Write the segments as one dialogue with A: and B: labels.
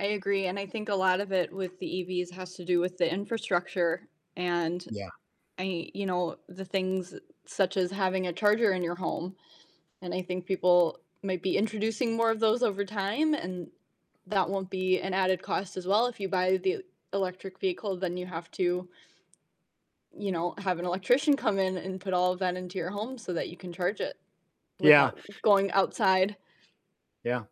A: I agree, and I think a lot of it with the EVs has to do with the infrastructure, and
B: Yeah.
A: I you know, the things such as having a charger in your home. And I think people might be introducing more of those over time, and that won't be an added cost as well, if you buy the electric vehicle, then you have to, you know, have an electrician come in and put all of that into your home so that you can charge it
B: Yeah.
A: without going outside.
B: Yeah.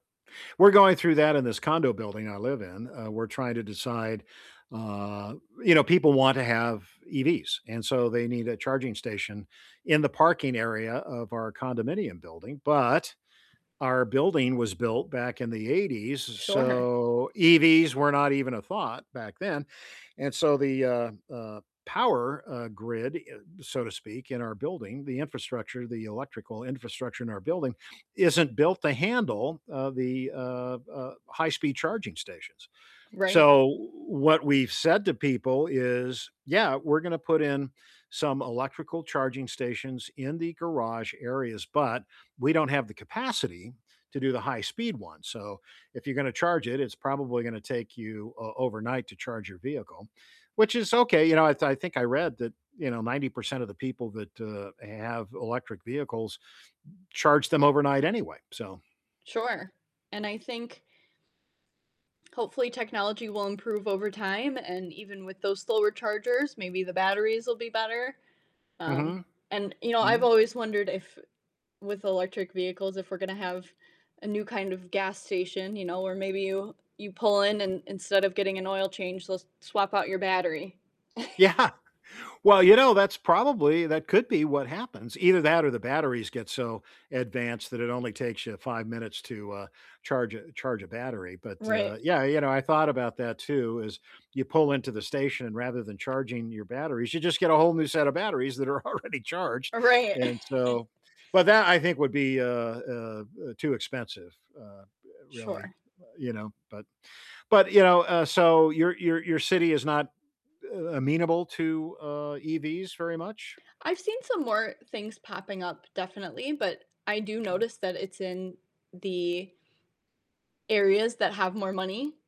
B: We're going through that in this condo building I live in, uh, we're trying to decide, uh you know, people want to have EVs, and so they need a charging station in the parking area of our condominium building, but our building was built back in the '80s,
A: Sure.
B: so EVs were not even a thought back then. And so the, uh uh, power, uh, grid, eh, so to speak, in our building, the infrastructure, the electrical infrastructure in our building, isn't built to handle, uh, the, uh uh, high-speed charging stations.
A: Right.
B: So what we've said to people is, "Yeah, we're gonna put in some electrical charging stations in the garage areas, but we don't have the capacity to do the high-speed one, so if you're gonna charge it, it's probably gonna take you, uh, overnight to charge your vehicle." Which is okay, you know, I th I think I read that, you know, 90% of the people that, uh, have electric vehicles charge them overnight anyway, so
A: Sure, and I think hopefully technology will improve over time, and even with those slower chargers, maybe the batteries will be better, um,
B: Mhm.
A: and you know, I've
B: Mm.
A: always wondered if with electric vehicles if we're gonna have a new kind of gas station, you know, where maybe you you pull in and instead of getting an oil change, they'll swap out your battery.
B: Yeah. Well, you know, that's probably that could be what happens. Either that or the batteries get so advanced that it only takes you 5 minutes to, uh, charge a charge a battery, but, uh,
A: Right.
B: yeah, you know, I thought about that too, is you pull into the station and rather than charging your batteries, you just get a whole new set of batteries that are already charged.
A: Right.
B: And so but that, I think, would be, uh uh uh, too expensive, uh, really,
A: Sure.
B: uh, you know, but but, you know uh, so your your your city is not, uh, amenable to, uh, EVs very much?
A: I've seen some more things popping up definitely, but I do notice that it's in the areas that have more money.